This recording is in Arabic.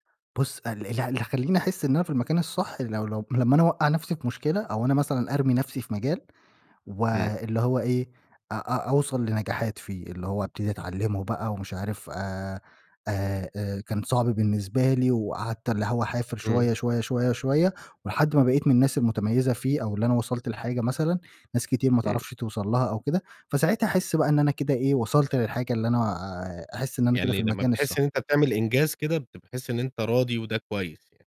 بُصّ، ال ال اللي هيخلّيني أحسّ إن أنا في المكان الصح لو لو لما أنا أوقّع نَفْسي في مشكلة، أو أنا مثلًا أرمي نَفْسي في مجال، امم. واللي هو إيه، أ أ أوصل لنجاحات فيه، اللي هو أبتدي أتعلّمه بقى ومش عارف آآ آآ آآ كان صعب بالنسبة لي، وقعدت اللي هو أعافر امم. شويّة، شويّة، شويّة، شويّة، ولحد ما بقيت من الناس المتميزة فيه، أو اللي أنا وصلت لحاجة مثلًا ناس كتير ما امم. تعرفش توصل لها أو كده، فساعتها أحسّ بقى إن أنا كده إيه، وصلت للحاجة اللي أنا آآ أحسّ إن أنا كده في يعني لما المكان بتحسّ الصح. إن أنت بتعمل إنجاز كده، بتحسّ إن أنت راضي، وده كويّس يعني.